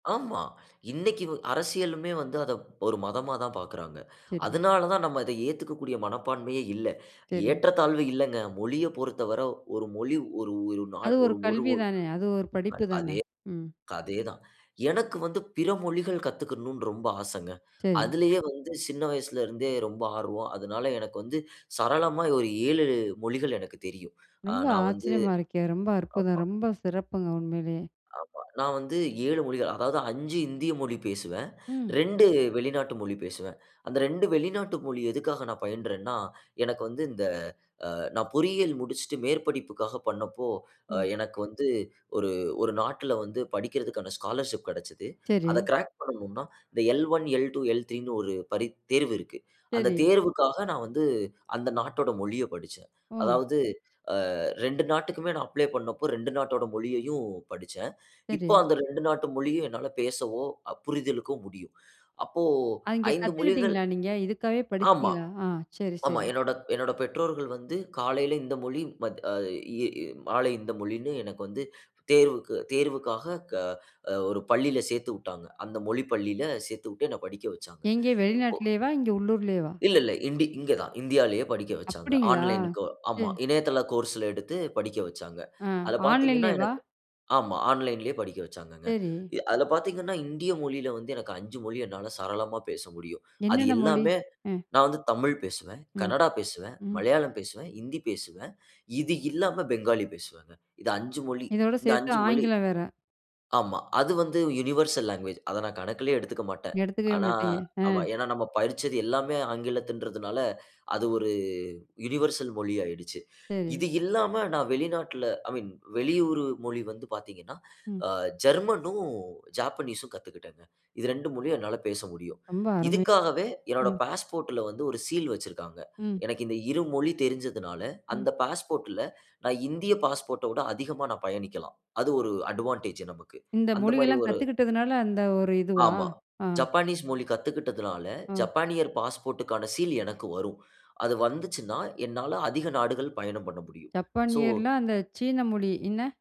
ஆமா. இன்னைக்கு அரசியலுமே வந்து அதை ஒரு மதமா தான் பார்க்கறாங்க. சரி. அதனால தான் நம்ம அத ஏத்துக்கக்கூடிய மனப்பான்மையே இல்ல. சரி. ஏற்றத்தாழ்வு இல்லங்க. மொழிய பொறுத்தவர ஒரு மொழி ஒரு ஒரு நாள் அது ஒரு ஒரு கல்வி தானே, அது ஒரு படிப்பு தானே. அதே, ம். அதே தான். எனக்கு வந்து பிற மொழிகள் கத்துக்கர்ணும்னு ரொம்ப ஆசைங்க. சரி. அதுலயே வந்து சின்ன வயசுல இருந்தே ரொம்ப ஆர்வம். அதனால எனக்கு வந்து சரளமா ஒரு 7 மொழிகள் எனக்கு தெரியும். ரொம்ப நான் வந்து ஆச்சரியமா இருக்கே! ரொம்ப அற்புதம்! ஆமா. ரொம்ப சிறப்புங்க உண்மையிலேயே. ஆமா, நான் வந்து 7 மொழிகள் அதாவது 5 இந்திய மொழி பேசுவேன். ம். 2 வெளிநாட்டு மொழி பேசுவேன். அந்த 2 வெளிநாட்டு மொழி எதுக்காக நான் பயின்றேன்னா, எனக்கு வந்து இந்த நான் பொறியியல் முடிச்சுட்டு மேற்படிப்புக்காக பண்ணப்போ ம். எனக்கு வந்து ஒரு ஒரு நாட்ல வந்து படிப்பதற்கான ஸ்காலர்ஷிப் கிடைச்சது. அதை சரி. கிராக். என்ன பண்ணனும்னா இந்த L1, L2, L3 ன்னு ஒரு பரீ தேர்வு இருக்கு. அந்த சரி. தேர்வுக்காக நான் வந்து அந்த நாட்டோட மொழிய படிச்சேன். ம். அதாவது, அ 2 நாட்டுக்குமே நான் அப்ளை பண்ணப்போ, 2 நாட்டோட மொழியையும் படிச்சேன். இப்போ சரி. அந்த 2 நாட்டு மொழியும் என்னால பேசவோ, புரிதலுக்கோ முடியும். அப்போ அங்கே 5 மொழிகள் கத்துக்கிட்டீங்களா நீங்க, இதுக்காகவே ஆமா, படிச்சீங்களா? ஆ சரி ஆமா. சரி. என்னோட என்னோட பெற்றோர்கள் வந்து காலைல இந்த மொழி மாலை இந்த மொழின்னு எனக்கு வந்து தேர்வு தேர்வுக்காக அ ஒரு பள்ளில சேர்த்து விட்டாங்க. அந்த மொழி பள்ளில சேர்த்து விட்டு என்ன படிக்க வச்சாங்க. எங்க அப்போ வெளிநாட்டுலயேவா, இங்க உள்ளூர்லயேவா? இல்ல இல்ல இண்டி இங்கு தான் இந்தியாவிலேயே படிக்க வச்சாங்க. அப்படிங்களா! ஆன்லைன் கோ சரி. இணையதள கோர்ஸ்ல எடுத்து படிக்க வச்சாங்கங்க. ஆ அதில பார்த்தீங்கன்னா ஆன்லைன்லேயேவா? ஆன்லைன்லேயே படிக்க வச்சாங்க. சரி. அதுல பார்த்தீங்கன்னா இந்திய மொழியில வந்து எனக்கு 5 மொழி என்னால சரளமா பேச முடியும். அது என்னன்ன மொழி? எல்லாமே அ. நான் வந்து தமிழ் பேசுவேன், ம். கன்னடா பேசுவேன், ம். மலையாளம் பேசுவேன், ஹிந்தி பேசுவேன். இது இல்லாம பெங்காலி பேசுவேன். இது 5 மொழி இதோடு இந்த சேர்த்து 5 மொழி. ஆங்கிலம் வேற. ஆமா. அது வந்து யுனிவர்சல் லாங்குவேஜ். அத நான் கணக்கிலேயே எடுத்துக்க மாட்டேன். எடுத்துக்கவே ஆனா, மாட்டீங்க. ஆ. ஏன்னா நாம படிச்சது எல்லாமே ஆங்கிலம்ங்கறத்துனால அது ஒரு யுனிவர்சல் மொழி ஆயிடுச்சு. சரி. இது இல்லாம நான் வெளிநாட்டில ஐ மீன் வெளியூர் மொழி வந்து பார்த்தீங்கன்னா, ம். அ ஜெர்மன். ஜப்பனீஸ்ஸீம் கத்துக்கிட்டேன். இது 2 மொழியும் என்னால பேச முடியும். ரொம்ப அருமை. இதுக்காகவே என்னுடைய ம். பாஸ்போர்ட்ல வந்து ஒரு சீல் வச்சிருக்கிறாங்க. ம். எனக்கு இந்த இரு மொழி தெரிஞ்சதனால ம். அந்த பாஸ்போர்ட்ல நான் இந்திய பாஸ்போர்ட்ட விட அதிகமா நான் பயணிக்கலாம். அது ஒரு அட்வான்டேஜ் நமக்கு. இந்த அந்த மாதிரி மொழியெல்லாம் ஒரு கத்துக்கிட்டதுனால அந்த ஒரு இதுவா? ஆமா. ஆ. ஜப்பானீஸ் மொழி கத்துக்கிட்டதுனால, ம். ஜப்பானியர் பாஸ்போர்ட்க்கான சீல் எனக்கு வரும். அது வந்துச்சுன்னா, என்னால அதிக நாடுகள் பயணம் பண்ண முடியும். சோ ஜப்பானியர்ல அந்த சீன மொழி என்ன?